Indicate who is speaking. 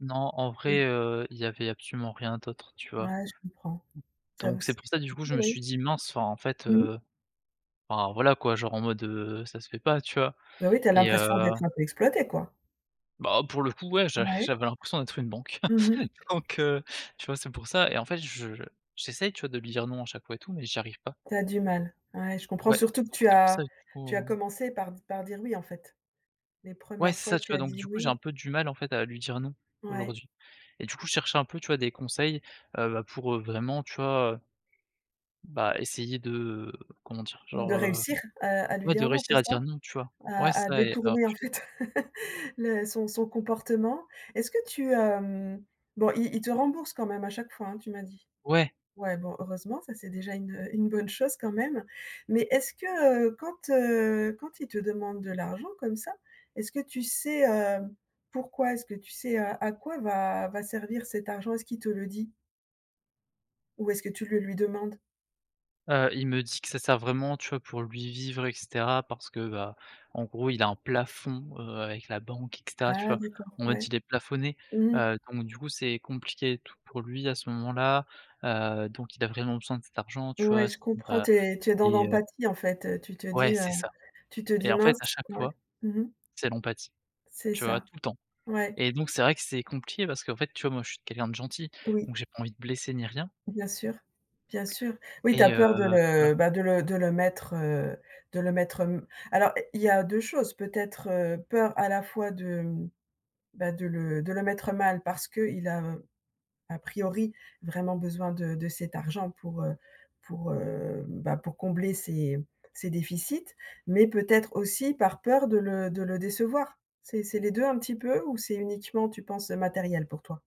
Speaker 1: Non en vrai,
Speaker 2: Mmh.
Speaker 1: heu, il y avait absolument rien d'autre, tu vois? D
Speaker 2: Ouais, je comprends.
Speaker 1: donc c'est pour ça, du coup je me suis dit: «Mince» enfin, en fait,
Speaker 2: Mmh.
Speaker 1: heu enfin voilà quoi, genre en mode, heu, ça se fait pas tu vois?
Speaker 2: Bah oui, tu as
Speaker 1: Et
Speaker 2: l'impression
Speaker 1: heu
Speaker 2: d'être un peu exploité quoi?
Speaker 1: Bah, pour le coup ouais,
Speaker 2: Ah
Speaker 1: j'a
Speaker 2: oui?
Speaker 1: j'avais l'impression d'être une banque.
Speaker 2: Mmh mh.
Speaker 1: Donc heu, tu vois? c'est pour ça et en fait je j'essaye, tu vois, de lui dire: «Non» à chaque fois et tout mais, j'y arrive pas.
Speaker 2: Tu as du mal. Ouais, je comprends!
Speaker 1: Ouais,
Speaker 2: Surtout que
Speaker 1: donc
Speaker 2: tu
Speaker 1: c'est pour
Speaker 2: as
Speaker 1: ça du
Speaker 2: tu as
Speaker 1: coup.
Speaker 2: commencé par par dire: «Oui» en fait. Les
Speaker 1: Ouais,
Speaker 2: premières
Speaker 1: c'est
Speaker 2: fois
Speaker 1: ça, tu
Speaker 2: tu
Speaker 1: vois?
Speaker 2: as
Speaker 1: Donc
Speaker 2: dit:
Speaker 1: du coup j'ai un
Speaker 2: «Oui».
Speaker 1: peu du mal en fait à lui dire non
Speaker 2: Ouais.
Speaker 1: aujourd'hui, et du coup je cherchais un peu, tu vois? Des conseils, heu, pour vraiment, tu vois? Bah essayer de comment dire?
Speaker 2: De
Speaker 1: Genre, heu
Speaker 2: réussir à à lui
Speaker 1: ouais, de
Speaker 2: dire: «Non.» c'est
Speaker 1: réussir à dire
Speaker 2: ça?
Speaker 1: non tu vois? Ouais, c'est
Speaker 2: À à
Speaker 1: ça et
Speaker 2: détourner en fait le son son comportement. Est-ce que tu, heu bon, il il te rembourse quand même à chaque fois, hein, tu m'as dit.
Speaker 1: Ouais.
Speaker 2: Ouais, bon, heureusement, ça, c'est déjà une, heu une bonne chose quand même. Mais est-ce que, heu, quand, heu quand il te demande de l'argent comme ça, est-ce que tu sais, heu, pourquoi? Est-ce que tu sais à quoi va va servir cet argent, est-ce qu'il te le dit? Ou est-ce que tu le lui demandes?
Speaker 1: Heu, il me dit que ça sert vraiment, tu vois, pour lui, vivre et caetera. Parce que bah, en gros il a un plafond, heu, avec la banque et caetera, tu
Speaker 2: Ah
Speaker 1: vois?
Speaker 2: d'accord,
Speaker 1: En mode,
Speaker 2: ouais.
Speaker 1: il est plafonné,
Speaker 2: Mmh mh.
Speaker 1: heu, donc du coup c'est compliqué et tout pour lui à ce moment-là, heu, donc il a vraiment besoin de cet argent, tu
Speaker 2: Ouais,
Speaker 1: vois?
Speaker 2: je
Speaker 1: Sinon
Speaker 2: comprends,
Speaker 1: bah,
Speaker 2: tu es, tu es dans
Speaker 1: il est heu
Speaker 2: l'empathie en fait, heu, tu te
Speaker 1: Ouais
Speaker 2: dis, heu
Speaker 1: c'est ça,
Speaker 2: tu te
Speaker 1: et
Speaker 2: dis:
Speaker 1: en fait
Speaker 2: «Mince.»
Speaker 1: à chaque
Speaker 2: ouais.
Speaker 1: fois,
Speaker 2: Mmh mh.
Speaker 1: c'est l'empathie,
Speaker 2: C'est
Speaker 1: tu vois?
Speaker 2: ça.
Speaker 1: Tout le temps,
Speaker 2: Ouais.
Speaker 1: et donc c'est vrai que c'est compliqué, parce qu'en fait, tu vois, moi je suis quelqu'un de gentil, donc
Speaker 2: Oui.
Speaker 1: j'ai pas envie de blesser, ni rien
Speaker 2: Bien sûr, bien sûr. Oui, tu
Speaker 1: et
Speaker 2: as
Speaker 1: heu,
Speaker 2: peur de
Speaker 1: voilà.
Speaker 2: le bah de le de le mettre, heu de le mettre m alors, il y a 2 choses, peut-être, heu, peur à la fois de, bah de le de le mettre, heu, mal. Parce qu'il a, à priori vraiment besoin de de cet argent pour heu pour heu bah, pour combler ses ses déficits, mais peut-être aussi par peur de le de le décevoir. C'est c'est les 2 un petit peu ou c'est uniquement, tu penses, matériel pour toi?